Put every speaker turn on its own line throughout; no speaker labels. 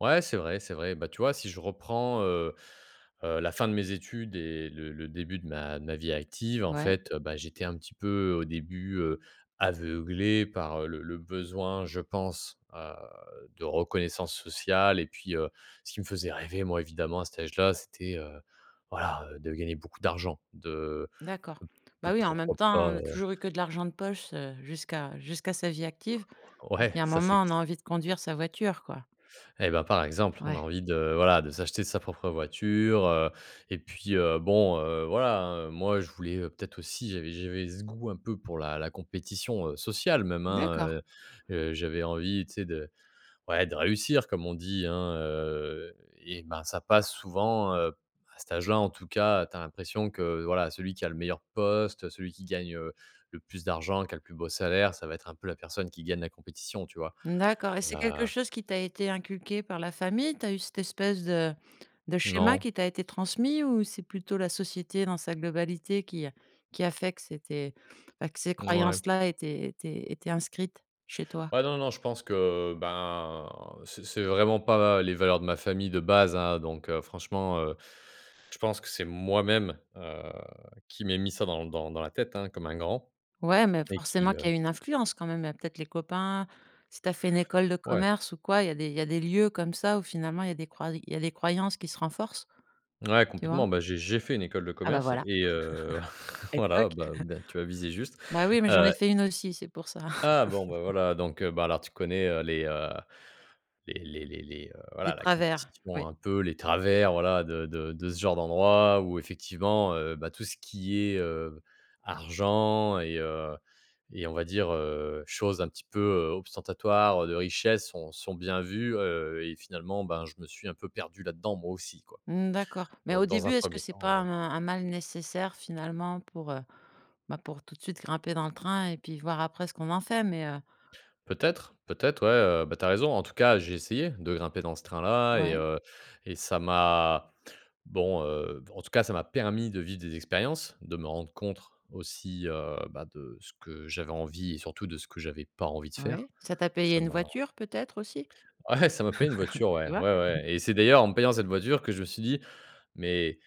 Ouais, c'est vrai, c'est vrai. Bah, tu vois, si je reprends, heu, heu, la fin de mes études et le le début de ma de ma vie active, en
Mouais.
fait, heu, bah, j'étais un petit peu, heu, au début, heu, aveuglé par, heu, le le besoin, je pense, heu, de reconnaissance sociale et puis, heu, ce qui me faisait rêver, moi, évidemment, à cet âge là, c'était, heu, voilà, heu, de gagner beaucoup d'argent, de
D'accord.
p de
Bah, oui, en même
pourquoi
temps,
pas,
on a
heu
toujours eu que de l'argent de poche, heu, jusqu'à jusqu'à sa vie active. Donc il
Ouais,
y a un
ça, c'est
moment,
q
on a
c
envie de conduire sa voiture, quoi.
Eh bah, par exemple, on a
Ouais.
envie de voilà de s'acheter sa propre voiture, heu et puis, heu, bon, heu, voilà, hein, heu. Moi, je voulais, heu, peut être aussi, j'avais j'avais ce goût un peu pour la la compétition, heu, sociale, même hein,
D'accord.
heu. Heu, j'avais envie tu sais de ouais de réussir comme on dit hein, heu et ben, ça passe souvent, heu à cet âge là en tout cas, tu as l'impression que, voilà celui qui a le meilleur poste, heu, celui qui gagne, heu, le plus d'argent, qui a le plus beau salaire, ça va être un peu la personne qui gagne la compétition, tu vois?
Mmh d'accord et c'est quelque
Heu
chose qui t'a été inculqué par la famille? Tu as eu cette espèce de de schéma
Non.
qui t'a été transmis ou c'est plutôt la société dans sa globalité qui a qui a fait que c'était bah, que ces
N ouais.
croyances-là étaient étaient étaient inscrites chez toi?
Ouais, non, non, je pense que, ben, c'est c'est vraiment pas les valeurs de ma famille de base, hein. Donc, heu, franchement, heu, je pense que c'est moi-même, heu, qui m'ai mis ça dans l dans l dans la tête, hein, comme un grand
Ouais, mais
et qui,
forcément
heu
qu'il y a eu une influence quand même. Il y a peut-être les copains, si tu as fait une école de
Ouais.
commerce ou quoi, il y a des il y a des lieux comme ça où finalement il y a des croy il y a des croyances qui se renforcent.
Ouais,
Tu vois?
complètement. Bah, j'ai j'ai fait une école de
Ah, bah,
commerce
voilà.
et heu,
Et toc!
voilà bah, ben tu as visé juste,
Bah, oui, mais j'en ai
heu
fait une aussi, c'est pour ça.
Ah! Bon, ben, voilà donc, heu, bah, alors tu connais, heu, les, heu, les les les les, heu,
Des
voilà la
travers, oui.
compétition un peu, les travers voilà de de de ce genre d'endroit où effectivement, heu, bah, tout ce qui est, heu, argent et heu, et on va dire, heu, choses un petit peu, heu, ostentatoires, heu, de richesse sont sont bien vues, heu et finalement, ben, je me suis un peu perdu là-dedans moi aussi, quoi.
Mmh d'accord, mais au
Donc dans
début,
un
est-ce que
1er
c'est
temps,
pas
heu
un un mal nécessaire finalement pour, heu, bah, pour tout de suite grimper dans le train et puis voir après ce qu'on en fait mais, heu
Peut-être, peut-être, ouais, heu, bah, tu as raison. En tout cas, j'ai essayé, de grimper dans ce train-là et
Ouais.
heu, et ça m'a bon, heu, b en tout cas, ça m'a permis de vivre des expériences, de me rendre compte aussi, heu, bah, de ce que j'avais envie et surtout de ce que j'avais pas envie de faire.
Ouais, ça t'a payé
Ça
une
m'a
voiture peut-être aussi?
ouais, ça m'a payé une voiture, ouais,
Tu
ouais
vois?
ouais et c'est d'ailleurs en me payant cette voiture que je me suis dit: «Mais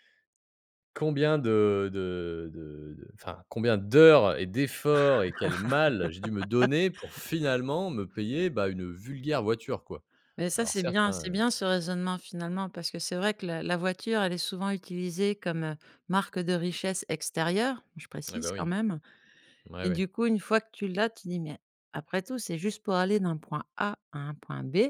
combien de de de de enfin combien d'heures et d'efforts et quel mal j'ai dû me donner pour finalement me payer, bah, une vulgaire voiture, quoi».
Mais, ça
Alors
c'est
certes,
bien.
hein,
C'est
heu
bien ce raisonnement finalement, parce que c'est vrai que la la voiture elle est souvent utilisée comme, heu, marque de richesse extérieure- je
Eh
précise
bah,
quand
oui.
même-
Ouais,
et du
oui.
coup, une fois que tu l'as, tu dis: «Mais après tout, c'est juste pour aller d'un point A à un point B».